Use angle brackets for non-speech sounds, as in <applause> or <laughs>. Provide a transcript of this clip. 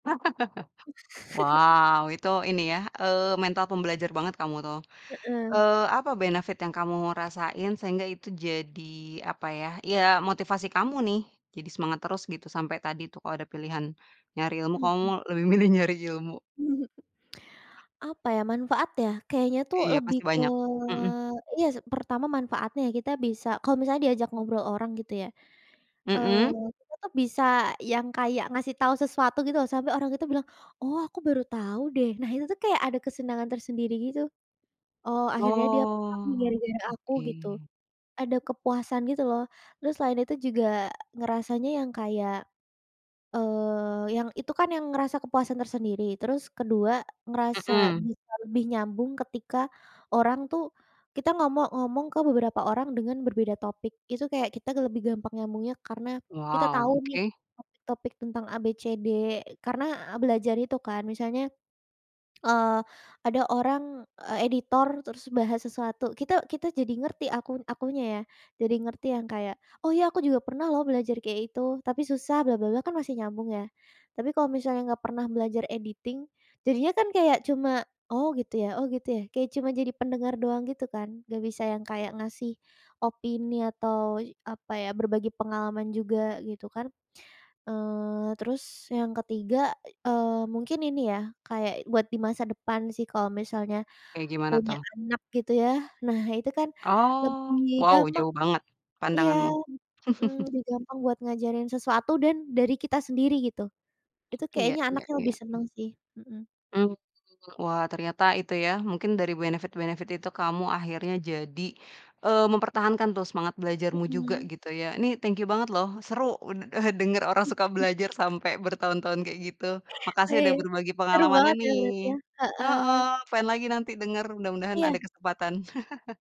<laughs> <giggles> Wow, itu ini ya, eee, mental pembelajar banget kamu tuh. Heeh. Eee, apa benefit yang kamu rasain sehingga itu jadi apa ya iya motivasi kamu nih jadi semangat terus gitu sampai tadi tuh kalau ada pilihan nyari ilmu kamu Mhm. lebih milih nyari ilmu? Apa ya manfaat ya, kayaknya tuh iya lebih pasti ke banyak, mhm. iya sih pertama manfaatnya kita bisa kalau misalnya diajak ngobrol orang gitu ya, eee, Mhm. kita tuh bisa yang kayak ngasih tahu sesuatu gitu loh sampai orang itu bilang, "oh aku baru tahu deh." Nah, itu tuh kayak ada kesenangan tersendiri gitu. Oh, akhirnya dia paham nih Oh, gara-gara aku gitu, oke. ada kepuasan gitu loh terus selain itu juga ngerasanya yang kayak eee, yang itu kan yang merasa kepuasan tersendiri, terus kedua ngerasa Mhm. bisa lebih nyambung ketika orang tuh kita ngomong ngomong ke beberapa orang dengan berbeda topik. Itu kayak kita lebih gampang nyambungnya karena kita Wow, tahu nih oke. topik-topik tentang abcd karena belajar itu kan misalnya, eee, ada orang, eee, editor terus bahas sesuatu. Kita kita jadi ngerti aku akunya ya jadi ngerti yang kayak. Oh, ya aku juga pernah loh belajar kayak itu tapi susah bla, bla, bla kan masih nyambung ya, tapi kalau misalnya nggak pernah belajar editing jadinya kan kayak cuma, oh gitu ya oh gitu ya kayak cuma jadi pendengar doang gitu kan, nggak bisa yang kayak ngasih opini atau apa ya, berbagi pengalaman juga gitu kan, eee, terus yang ketiga, eee, mungkin ini ya kayak buat di masa depan sih kalau misalnya Kayak gimana punya tuh? anak gitu ya. Nah, itu kan lebih Oh, wow gampang jauh banget iya, pandanganmu. mhm, <chuckles> lebih gampang buat ngajarin sesuatu dan dari kita sendiri gitu. Itu Iya kayaknya iya anaknya iya, lebih m seneng sih, mhm. Mmm, wah ternyata itu ya mungkin dari benefit-benefit itu kamu akhirnya jadi, eee, mempertahankan tuh semangat belajarmu juga Mhm. gitu ya. Ini thank you banget loh, seru sudah denger <unintelligible> <chuckles> orang suka belajar sampai bertahun tahun kayak gitu. <laughs> Makasih udah Wih, berbagi seru pengalamannya banget ya nih. lihatnya, heeh. Heeh, pengen lagi nanti denger, mudah-mudahan Iya. ada kesempatan. <laughs>